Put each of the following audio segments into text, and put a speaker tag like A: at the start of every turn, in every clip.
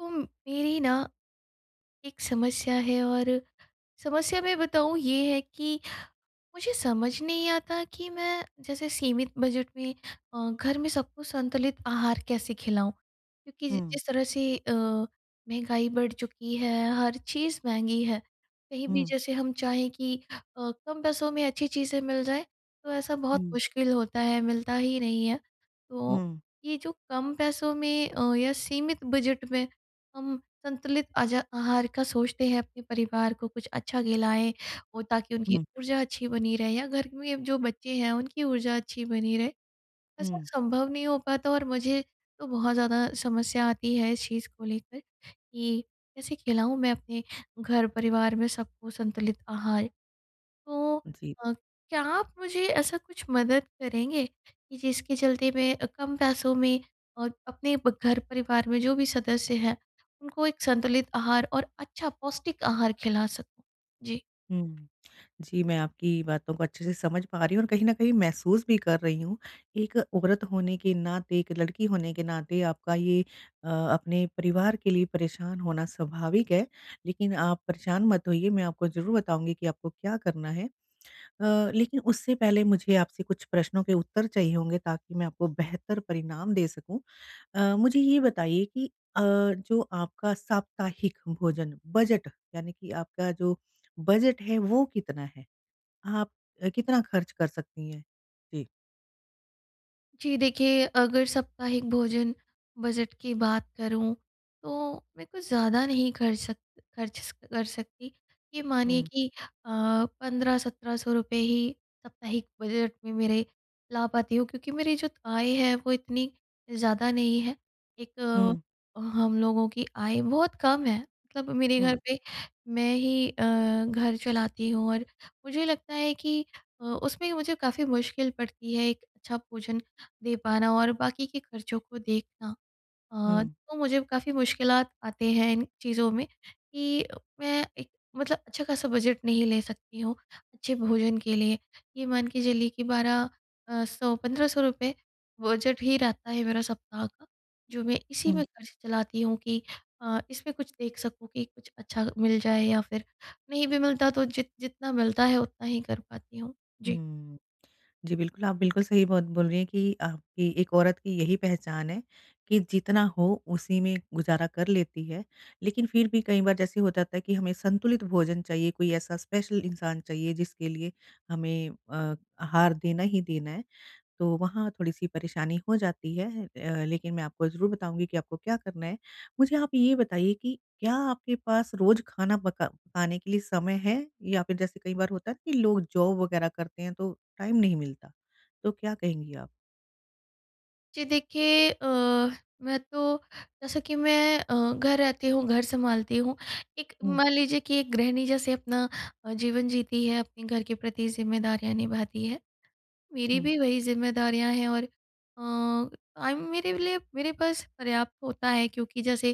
A: उम, मेरी ना एक समस्या है और समस्या मैं बताऊँ ये है कि, मुझे समझ नहीं आता कि मैं जैसे सीमित बजट में अ, घर में सबको संतुलित आहार कैसे खिलाऊँ? क्योंकि जि
B: हुँ।
A: जिस तरह से अ, महँगाई बढ़ चुकी है, हर चीज़ महँगी है। कहीं भी
B: हुँ।
A: जैसे हम चाहें कि अ, कम पैसों में अच्छी चीज़ें मिल जाए तो ऐसा बहुत
B: हुँ।
A: मुश्किल होता है, मिलता ही नहीं है। तो
B: हुँ।
A: ये जो कम पैसों में अ, या सीमित बजट में हम संतुलित अजा आहार का सोचते हैं, अपने परिवार को कुछ अच्छा खिलाएँ वो ताकि उनकी
B: हुँ।
A: ऊर्जा अच्छी बनी रहे या घर में जो बच्चे हैं उनकी ऊर्जा अच्छी बनी रहे। ऐसा
B: हुँ।
A: सँभव नहीं हो पाता और मुझे तो बहुत ज़्यादा समस्या आती है इस चीज़ को लेकर कि कैसे खिलाऊँ मैं अपने घर परिवार में सबको संतुलित आहार? तो
B: जी।
A: अ, क्या आप मुझे ऐसा कुछ मदद करेंगे कि जिसके चलते मैं कम पैसों में और अपने ब घर परिवार में जो भी सदस्य हैं उनको एक संतुलित आहार और अच्छा पौष्टिक आहार खिला सकूँ? जी।
B: हुँ। जी, मैं आपकी बातों को अच्छे से समझ पा रही हूँ और कहीं न कहीं महसूस भी कर रही हूँ। एक औरत होने के नाते, एक लड़की होने के नाते, आपका ये अ, अपने परिवार के लिए परेशान होना स्वाभाविक है। लेकिन आप परेशान मत होइए, मैं आपको ज़रूर बताऊँगी कि आपको क्या करना है। अ, लेकिन उससे पहले मुझे आपसे कुछ प्रश्नों के उत्तर चाहिए होंगे ताकि मैं आपको बेहतर परिणाम दे सकूँ। अ, मुझे
A: [unintelligible]
B: ये बताइए कि अ, जो आपका साप्ताहिक भोजन बजट यानी कि आपका जो बजट है वो कितना है? आप अ, कितना खर्च कर सकती हैं? जी।
A: जी। देखिए, अगर साप्ताहिक भोजन बजट की बात करूँ तो मैं कुछ ज़्यादा नहीं खर सक ख़र्च कर सकती। ये मानिए
B: हुँ।
A: कि अ, 15-17 ही साप्ताहिक बजट में मेरे ला पाती हूँ क्योंकि मेरी जो आय है वो इतनी ज़्यादा नहीं है। एक
B: हुँ।
A: अ, हम लोगों की आय बहुत कम है। मतलब मेरे घर
B: हुँ।
A: पे मैं ही अ, घर चलाती हूँ और मुझे लगता है कि अ, उसमें मुझे काफ़ी मुश्किल पड़ती है एक अच्छा भोजन दे पाना और बाकी के ख़र्चों को देखना। अ,
B: हुँ।
A: तो मुझे काफ़ी मुश्किलात आते हैं इन चीज़ों में कि मैं एक मतलब अच्छा-खासा बजट नहीं ले सकती हूँ, अच्छे भोजन के लिए। ये मान के चलिए कि 12 अ, 100 ₹1500 बजट ही रहता है मेरा सप्ताह का। जो मैं इसी
B: हुँ।
A: में ख़र्च चलाती हूँ कि अ, इसमें कुछ देख सकूँ कि कुछ अच्छा मिल जाए। या फिर नहीं भी मिलता तो जि जितना मिलता है उतना ही कर पाती हूँ। जी।
B: हुँ। जी, बिल्कुल। आप बिल्कुल सही बात बोल रही हैं कि आपकी एक औरत की यही पहचान है कि जितना हो उसी में गुज़ारा कर लेती है। लेकिन फिर भी कई बार जैसे हो जाता है कि हमें संतुलित भोजन चाहिए, कोई ऐसा स्पेशल इंसान चाहिए, जिसके लिए हमें अ, आहार देना ही देना है तो वहाँ थोड़ी-सी परेशानी हो जाती है। अ, लेकिन मैं आपको ज़रूर बताऊँगी कि आपको क्या करना है। मुझे आप ये बताइए कि क्या आपके पास रोज़ खाना पका पकाने के लिए समय है? या फिर जैसे कई बार होता है कि लोग जॉब वगैरह करते हैं तो टाइम नहीं मिलता। तो क्या कहेंगी आप?
A: जी। देखिए अ, मैं तो जैसा कि मैं अ, घर रहती हूँ, घर सँभालती हूँ। एक
B: हुँ।
A: मान लीजिए कि एक गृहिणी जैसे अपना अ, जीवन जीती है, अपने घर के प्रति जिम्मेदारियाँ निभाती है, मेरी
B: हुँ।
A: भी वही ज़िम्मेदारियाँ हैं। और अ, टाइम मेरे लिए मेरे पास पर्याप्त होता है क्योंकि जैसे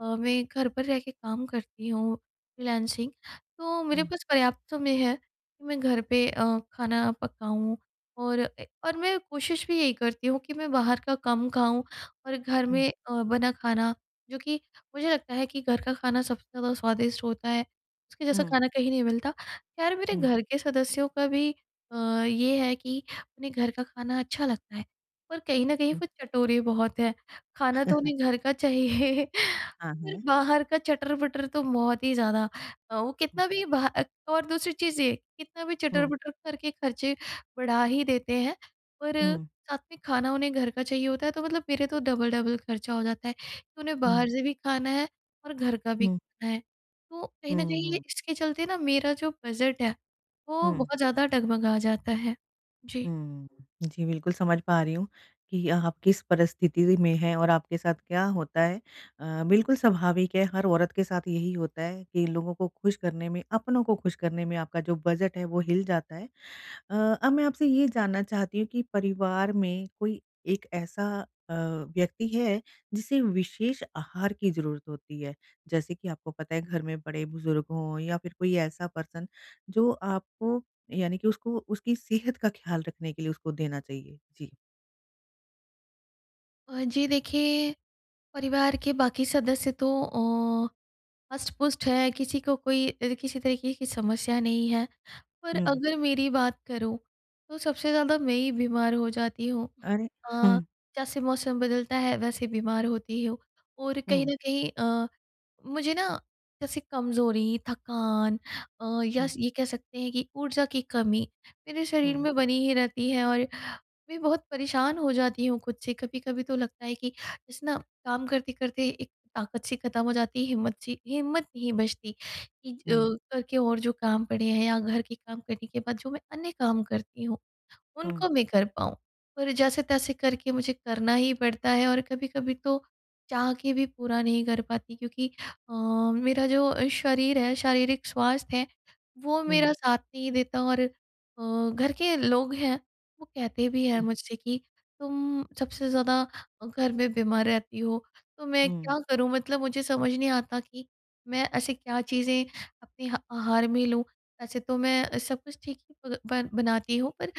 A: अ, मैं घर पर रह के काम करती हूँ फ्रीलांसिंग तो मेरे
B: हुँ।
A: पास पर्याप्त समय है कि मैं घर पे अ, खाना पकाऊँ। और अ, और मैं कोशिश भी यही करती हूँ कि मैं बाहर का कम खाऊँ और घर
B: हुँ।
A: में अ, बना खाना जो कि मुझे लगता है कि घर का खाना सबसे ज़्यादा स्वादिष्ट होता है, उसके जैसा
B: हुँ।
A: खाना कहीं नहीं मिलता। यार मेरे
B: हुँ।
A: घर के सदस्यों का भी अ, ये है कि उन्हें घर का खाना अच्छा लगता है। पर कहीं न कहीं
B: हुँ।
A: वो चटोरे बहुत है, खाना तो उन्हें घर का चाहिए
B: हाँ,
A: पर
B: हाँ।
A: बाहर का चटर-पटर तो बहुत ही ज़्यादा अ, उ कितना भी बाह अ, और दूसरी चीज़ ये कितना भी
B: हुँ।
A: चटर-पटर करके खर्चे बढ़ा ही देते हैं पर
B: हुँ।
A: साथ में खाना उन्हें घर का चाहिए होता है तो मतलब मेरा तो डबल-डबल खर्चा हो जाता है। उन्हें बाहर
B: हुँ।
A: से भी खाना है और घर का भी
B: हुँ।
A: खाना है। तो कहीं न
B: हुँ,
A: कहीं ये
B: हुँ।
A: इसके चलते ना मेरा जो बजट है वो
B: हुँ।
A: बहुत ज़्यादा डगमगा जाता है। जी।
B: हुँ। जी, बिल्कुल समझ पा रही हूँ कि आप किस परिस्थिति में हैं और आपके साथ क्या होता है। अ, बिल्कुल स्वाभाविक है हर औरत के साथ यही होता है कि लोगों को खुश करने में, अपनों को खुश करने में आपका जो बजट है वो हिल जाता है। अ, अब मैं आपसे ये जानना चाहती हूँ कि परिवार में कोई एक ऐसा अ, व्यक्ति है जिसे विशेष आहार की ज़रूरत होती है? जैसे कि आपको पता है घर में बड़े-बुज़ुर्ग हो या फिर कोई ऐसा पर्सन जो आपको यानी कि उसको उसकी सेहत का ख़्याल रखने के लिए उसको देना चाहिए, जी।
A: अ, जी देखिए, परिवार के बाकी सदस्य तो ओ हष्ट-पुष्ट है, किसी को कोई अ, किसी तरीके की समस्या नहीं है, पर
B: हुँ।
A: अगर मेरी बात करूँ, तो सबसे ज़्यादा मैं ही बीमार हो जाती हूँ।
B: अरे!
A: अ,
B: हुँ।
A: जैसे मौसम बदलता है, वैसे बीमार होती हूँ। और कहीं
B: हुँ।
A: न कहीं अ, मुझे ना, जैसे कमजोरी, थकान अ, या
B: हुँ।
A: स ये कह सकते हैं कि ऊर्जा की कमी, मेरे शरीर
B: हुँ।
A: में बनी ही रहती है और मैं बहुत परेशान हो जाती हूँ खुद से कभी-कभी तो लगता है कि, जैसे ना काम करते-करते एक ताकत सी ख़त्म हो जाती है, हिम्मत सी हिम्मत नहीं बचती कि जो
B: हुँ।
A: घर के और जो काम पड़े हैं या घर के काम करने के बाद जो मैं अन्य काम करती हूँ,
B: हुँ।
A: उनको मैं कर पाऊँ। पर जैसे-तैसे करके मुझे करना ही पड़ता है और कभी-कभी तो, चाह के भी पूरा नहीं कर पाती क्योंकि अ, मेरा जो शरीर है, शारीरिक स्वास्थ्य है, वो
B: हुँ।
A: मेरा साथ नहीं देता। और अ, घर के लोग हैं, वो कहते भी हैं मुझसे कि तुम सबसे ज़्यादा अ, घर में बीमार रहती हो। तो मैं
B: हुँ।
A: क्या करूँ मतलब मुझे समझ नहीं आता कि, मैं ऐसे क्या चीज़ें अपने ह आहार में लूँ, वैसे तो मैं अ, सब कुछ ठीक ही प बन बनाती हूँ पर,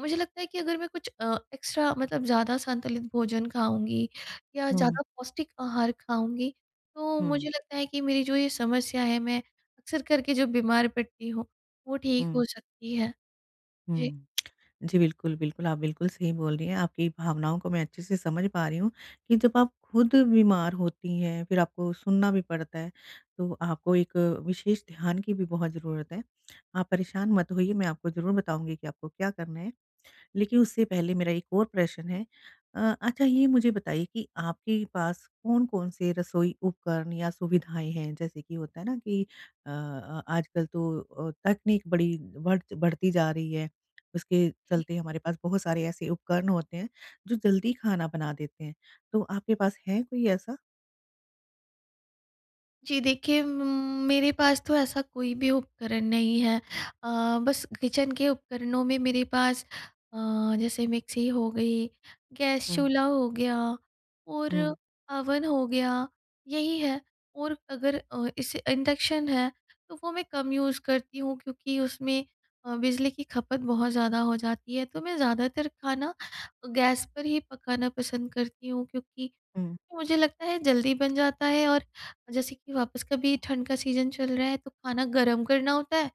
A: मुझे लगता है कि अगर मैं कुछ अ, एक्स्ट्रा मतलब ज़्यादा संतुलित भोजन खाऊँगी, या
B: हुँ।
A: ज़्यादा पौष्टिक आहार खाऊँगी, तो
B: हुँ।
A: मुझे लगता है कि मेरी जो ये समस्या है मैं, अक्सर करके जो बीमार पड़ती हूँ, वो ठीक
B: हुँ।
A: हो सकती है। जी।
B: हुँ। जी, बिल्कुल, बिल्कुल, आप बिल्कुल सही बोल रही हैं। आपकी भावनाओं को मैं अच्छे से समझ पा रही हूँ, कि जब आप खुद बीमार होती हैं, फिर आपको सुनना भी पड़ता है, तो आपको एक विशेष ध्यान की भी बहुत ज़रूरत है। आप परेशान मत होइए मैं आपको ज़रूर बताऊँगी कि आपको क्या करना है। लेकिन उससे पहले मेरा एक और प्रश्न है अ, अच्छा ये मुझे बताइए कि आपके पास कौन-कौन से रसोई उपकरण या सुविधाएँ हैं? जैसे कि होता है ना कि अ अ, आजकल तो अ, तकनीक बड़ी बढ़ बढ़ती जा रही है, उसके
A: जी।
B: चलते हमारे पास बहुत सारे ऐसे उपकरण होते हैं, जो जल्दी खाना बना देते हैं। तो आपके पास है कोई ऐसा?
A: जी देखिए म मेरे पास तो ऐसा कोई भी उपकरण नहीं है। अ, बस किचन के उपकरणों में मेरे पास अ, जैसे मिक्सी हो गई, गैस
B: हुँ।
A: चूल्हा हो गया और
B: हुँ।
A: अवन हो गया, यही है। और अगर अ, इसे इंडक्शन है तो वो मैं कम यूज़ करती हूँ क्योंकि उसमें अ, बिजली की खपत बहुत ज़्यादा हो जाती है। तो मैं ज़्यादातर खाना गैस पर ही पकाना पसंद करती हूँ क्योंकि
B: हुँ।
A: मुझे लगता है जल्दी बन जाता है और जैसे कि वापस कभी ठंड का सीज़न चल रहा है तो खाना गर्म करना होता है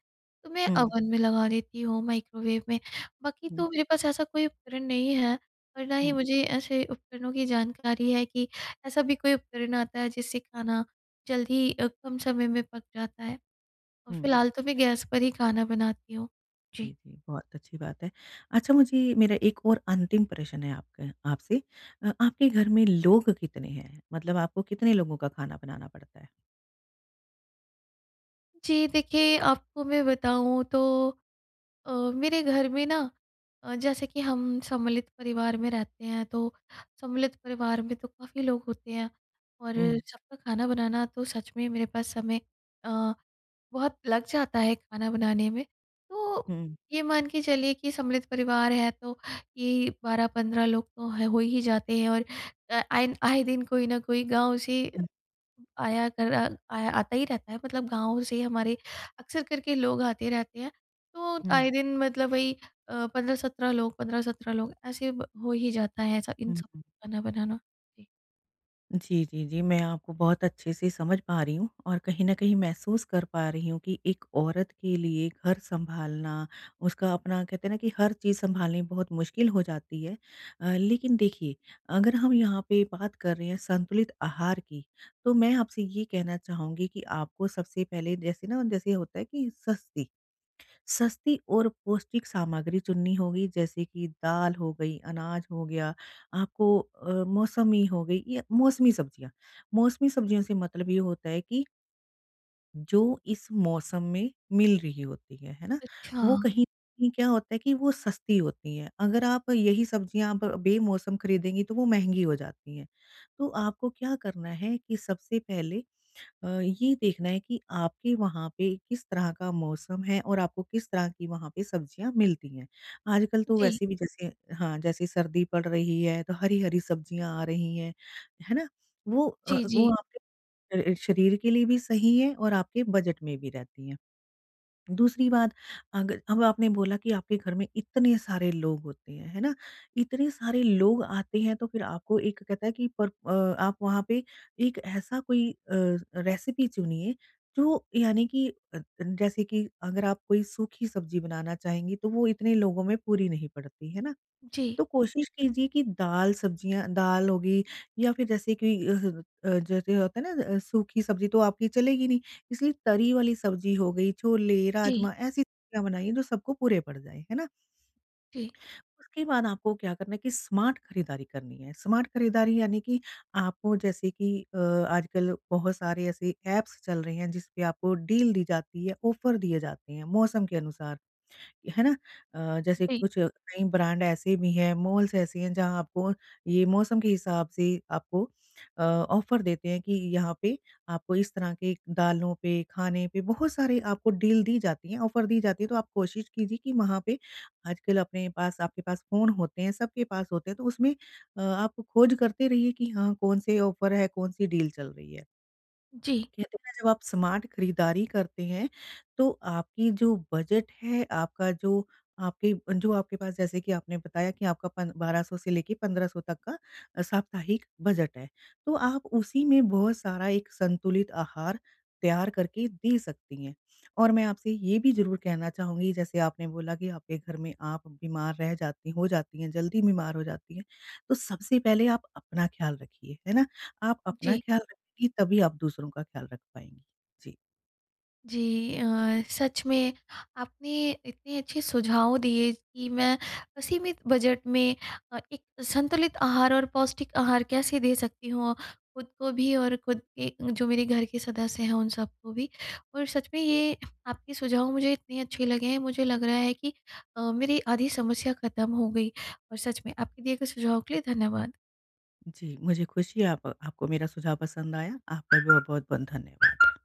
A: तो मैं
B: हुँ।
A: अवन में लगा लेती हूँ, माइक्रोवेव में। बाकी
B: हुँ।
A: तो मेरे पास ऐसा कोई उपकरण नहीं है और ना ही
B: हुँ।
A: मुझे ऐसे उपकरणों की जानकारी है कि ऐसा भी कोई उपकरण आता है जिससे खाना जल्दी अ, कम समय में पक जाता है। और
B: हुँ।
A: फिलहाल तो मैं गैस पर ही खाना बनाती हूँ। जी।
B: जी, जी बहुत अच्छी बात है। अच्छा मुझे मेरा एक और अंतिम प्रश्न है आपका आपसे। अ, आपके घर में लोग कितने हैं? मतलब आपको कितने लोगों का खाना बनाना पड़ता है?
A: जी, देखिए आपको मैं बताऊँ तो अ, मेरे घर में ना, अ, जैसे कि हम सम्मिलित परिवार में रहते हैं तो सम्मिलित परिवार में तो काफ़ी लोग होते हैं, और
B: हुँ।
A: सबका खाना बनाना तो सच में मेरे पास समय अ, बहुत लग जाता है खाना बनाने में। तो
B: हुँ।
A: ये मान के चलिए कि सम्मिलित परिवार है तो ये 12-15 लोग तो ह हो ही जाते हैं और अ, आए आए दिन कोई ना कोई गाँव से
B: हुँ।
A: आया कर आ आया आता ही रहता है मतलब गाँव से हमारे अक्सर करके लोग आते रहते हैं, तो
B: हुँ।
A: आए दिन मतलब वही अ, 15-17 लोग 15-17 लोग ऐसे अ, हो ही जाता है स इन
B: हुँ,
A: सब
B: हुँ।
A: खाना बनाना। जी।
B: जी, जी, जी। मैं आपको बहुत अच्छे से समझ पा रही हूँ, और कहीं न कहीं महसूस कर पा रही हूँ कि एक औरत के लिए घर सँभालना उसका अपना कहते हैं ना कि हर चीज़ सँभालनी बहुत मुश्किल हो जाती है। अ, लेकिन देखिए, अगर हम यहाँ पे बात कर रहे हैं संतुलित आहार की, तो मैं आपसे ये कहना चाहूँगी कि आपको सबसे पहले जैसे ना जैसे ये होता है कि सस्ती, सस्ती और पौष्टिक सामग्री चुननी होगी जैसे कि दाल हो गई, अनाज हो गया, आपको अ, मौसमी हो गई या मौसमी सब्ज़ियाँ, मौसमी सब्ज़ियों से मतलब ये होता है कि जो इस मौसम में मिल रही होती है। है ना? वो
A: अच्छा।
B: कहीं न कहीं क्या होता है कि वो सस्ती होती है। अगर आप यही सब्ज़ियाँ अब बेमौसम खरीदेंगी, तो वो महँगी हो जाती हैं। तो आपको क्या करना है कि सबसे पहले अ, ये देखना है कि आपके वहाँ पे किस तरह का मौसम है और आपको किस तरह की वहाँ पे सब्ज़ियाँ मिलती हैं। आजकल तो
A: जी।
B: वैसे भी जैसे हाँ, जैसे सर्दी पड़ रही है, तो हरी-हरी सब्ज़ियाँ आ रही हैं। है ना? वो अ,
A: जी,
B: वो
A: जी।
B: आपके अ अ, शरीर के लिए भी सही है और आपके बजट में भी रहती है। दूसरी बात, अगर अब आपने बोला कि आपके घर में इतने सारे लोग होते हैं, है ना? इतने सारे लोग आते हैं, तो फिर आपको एक कहता है कि पर अ, आप वहाँ पे एक ऐसा कोई अ, रेसिपी चुनिए, जो यानी कि अ अ, जैसे कि अगर आप कोई सूखी सब्ज़ी बनाना चाहेंगी, तो वो इतने लोगों में पूरी नहीं पड़ती। है ना?
A: जी
B: तो कोशिश कीजिए कि दाल, सब्ज़ियाँ, दाल हो गई या फिर जैसे कोई अ, ह अ, जैसे होता है ना अ, सूखी सब्ज़ी तो आपकी चलेगी नहीं, इसलिए तरी वाली सब्ज़ी हो गई, छोले,
A: जी
B: राजमा, ऐसी सब्ज़ियाँ बनाइए, जो सबको पूरे पड़ जाएँ। है ना?
A: जी।
B: उसके बाद आपको क्या करना है कि स्मार्ट खरीदारी करनी है। स्मार्ट खरीदारी, यानी कि आपको जैसे कि अ, आजकल बहुत सारे ऐसे ऐप्स चल रहे हैं, जिसपे आपको डील दी जाती है, ऑफ़र दिए जाते हैं, मौसम के अनुसार। है ना? अ, जैसे
A: जी।
B: कुछ नई ब्रांड ऐसे भी हैं, मॉल्स ऐसे हैं, जहाँ आपको ये मौसम के हिसाब से आपको अ, ऑफ़र देते हैं कि यहाँ पे आपको इस तरह के दालों पे, खाने पे बहुत सारे आपको डील दी जाती हैं, ऑफ़र दी जाती है, तो आप कोशिश कीजिए कि वहाँ पे आजकल अपने पास आपके पास फ़ोन होते हैं, सबके पास होते हैं, तो उसमें अ, आप खोज करते रहिए कि हाँ, कौन-से ऑफ़र हैं? कौन-सी डील चल रही है?
A: जी।
B: कहते हैं ना, जब आप स्मार्ट खरीदारी करते हैं, तो आपकी जो बजट है, आपका जो आपके अ, जो आपके पास, जैसे कि आपने बताया कि आपका पन 1200 से लेके 1500 तक का अ, साप्ताहिक बजट है। तो आप उसी में बहुत सारा एक संतुलित आहार तैयार करके दे सकती हैं, और मैं आपसे ये भी ज़रूर कहना चाहूँगी, जैसे आपने बोला कि आपके घर में आप बीमार रह जाती हो जाती हैं, जल्दी बीमार हो जाती हैं, तो सबसे पहले आप अपना ख़्याल रखिए। है ना? आप अपना
A: जी।
B: ख्याल रखेंगी, तभी आप दूसरों का ख्याल रख पाएँगी। जी।
A: जी। अ, सच में आपने इतने अच्छे सुझाव दिए कि मैं असीमित बजट में अ, एक संतुलित आहार और पौष्टिक आहार कैसे दे सकती हूँ, खुद को भी और खुद के जो मेरे घर के सदस्य हैं, उन सब को भी और सच में, ये आपके सुझाव मुझे इतने अच्छे लगे हैं, मुझे लग रहा है कि अ, मेरी आधी समस्या ख़त्म हो गई और सच में आपके दिए गए सुझाव के लिए धन्यवाद।
B: जी, मुझे खुशी है, आप आपको मेरा सुझाव पसंद आया। आपका बहुत-बहुत बन धन्यवाद।